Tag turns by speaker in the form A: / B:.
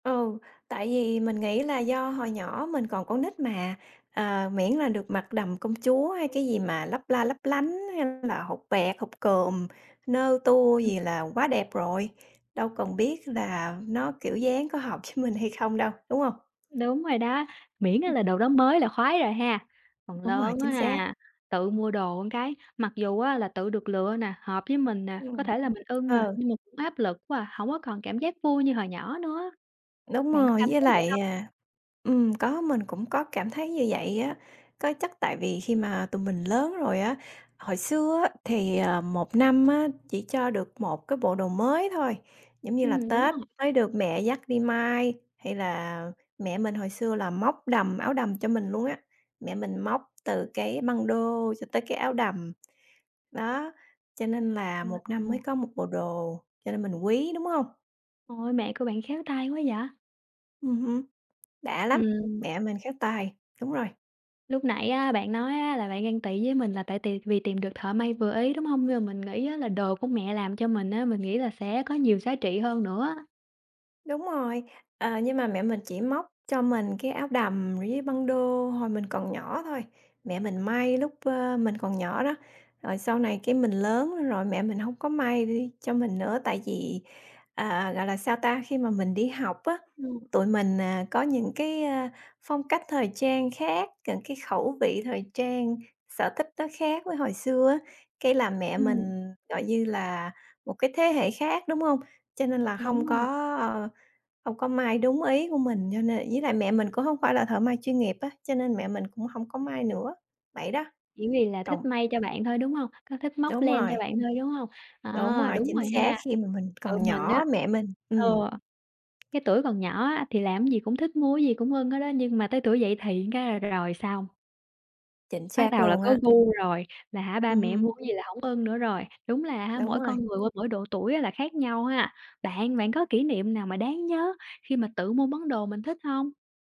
A: Ừ, tại vì mình nghĩ là do hồi nhỏ mình còn con nít mà, ờ, miễn là được mặt đầm công chúa hay cái gì mà
B: [unintelligible]
A: lấp la lấp lánh hay là hột bẹt, hột cườm, nơ tua
B: [unintelligible] Ừm.
A: gì là quá đẹp rồi, đâu cần biết là nó kiểu dáng có hợp ch mình hay không đâu, đúng hông?
B: Đúng rồi đó, miễn á
A: Ừm.
B: là đồ đó mới là khoái rồi ha, phần
A: Đúng rồi,
B: lớn á
A: chính xác.
B: ha, tự mua đồ một cái, mặc dù á là tự được lựa nè, hợp với mình nè, có
A: Ừm,
B: thể là mình ưng nè,
A: ờ.
B: nhưng mà cũng áp lực quá à, hông có còn cảm giác vui như hồi nhỏ nữa á,
A: Đúng
B: bạn có
A: rồi,
B: cảm
A: với
B: thấy vậy
A: lại,
B: hông?
A: à ừm, có mình cũng có cảm thấy như vậy á. Có chắc tại vì khi mà tụi mình lớn rồi á, hồi xưa á thì, ờ, 1 năm á
B: Ừm.
A: chỉ cho được 1 cái bộ đồ mới thôi, giống như là
B: Ừm, đúng
A: Tết
B: rồi.
A: mới được mẹ dắt đi may hay là mẹ mình hồi xưa là móc đầm, áo đầm cho mình luôn á, mẹ mình móc từ cái băng đô cho tới cái áo đầm, đó, cho nên là 1 năm mới
B: [unintelligible]
A: có 1 bộ đồ, cho nên mình quý, đúng hông?
B: Ôi, mẹ của bạn khéo tay quá vậy!
A: Ừm hưm, đã lắm,
B: Ừm.
A: mẹ mình khéo tay, đúng rồi.
B: Lúc nãy á bạn nói á là bạn ghen tị với mình là tại tìm vì tìm được thợ may vừa ý, đúng hông? Nhưng mà mình nghĩ á là đồ của mẹ làm cho mình á, mình nghĩ là sẽ có nhiều giá trị hơn nữa.
A: Đúng rồi, ờ, nhưng mà mẹ mình chỉ móc cho mình cái áo đầm với băng đô hồi mình còn nhỏ thôi. Mẹ mình may lúc, ơ, mình còn nhỏ đó, rồi sau này cái mình lớn rồi mẹ mình hông có may [unintelligible] cho mình nữa, tại vì, à, gọi là, sao ta, khi mà mình đi học á,
B: Ừm.
A: tụi mình, à, có những cái, ơ, phong cách thời trang khác, những cái khẩu vị thời trang, sở thích nó khác với hồi xưa á. Cái là mẹ
B: Ừm.
A: mình, gọi như là, một cái thế hệ khác, đúng hông? Cho nên là
B: Đúng
A: hông
B: rồi.
A: có, ờ, hông có may đúng ý của mình cho nên ý là mẹ mình cũng hông phải là thợ may chuyên nghiệp á, cho nên mẹ mình cũng hông có may nữa, vậy đó.
B: Chỉ vì là thích
A: Cộng
B: may cho bạn thôi, đúng hông? Có thích móc
A: Đúng
B: len cho
A: rồi.
B: bạn thôi, đúng hông?
A: Đúng
B: À,
A: rồi,
B: đúng
A: chính
B: rồi
A: xác
B: ha,
A: khi mà mình
B: tụi
A: còn
B: mình á,
A: nhỏ mẹ mình
B: ờ,
A: ừm.
B: cái tuổi còn nhỏ á thì làm gì cũng thích mua cái gì cũng ưng hết á, nhưng mà tới tuổi dậy thì cái là rồi xong.
A: Chính
B: Bắt
A: xác
B: đầu là
A: luôn
B: có
A: á.
B: gu rồi, là hả ba
A: Ừm
B: mẹ mua
A: hừm.
B: cái gì là hổng ưng nữa rồi, đúng là hả
A: Đúng
B: mỗi
A: rồi.
B: con người qua mỗi độ tuổi á là khác nhau ha? Bạn, bạn có kỷ niệm nào mà đáng nhớ khi mà tự mua món đồ mình thích hông?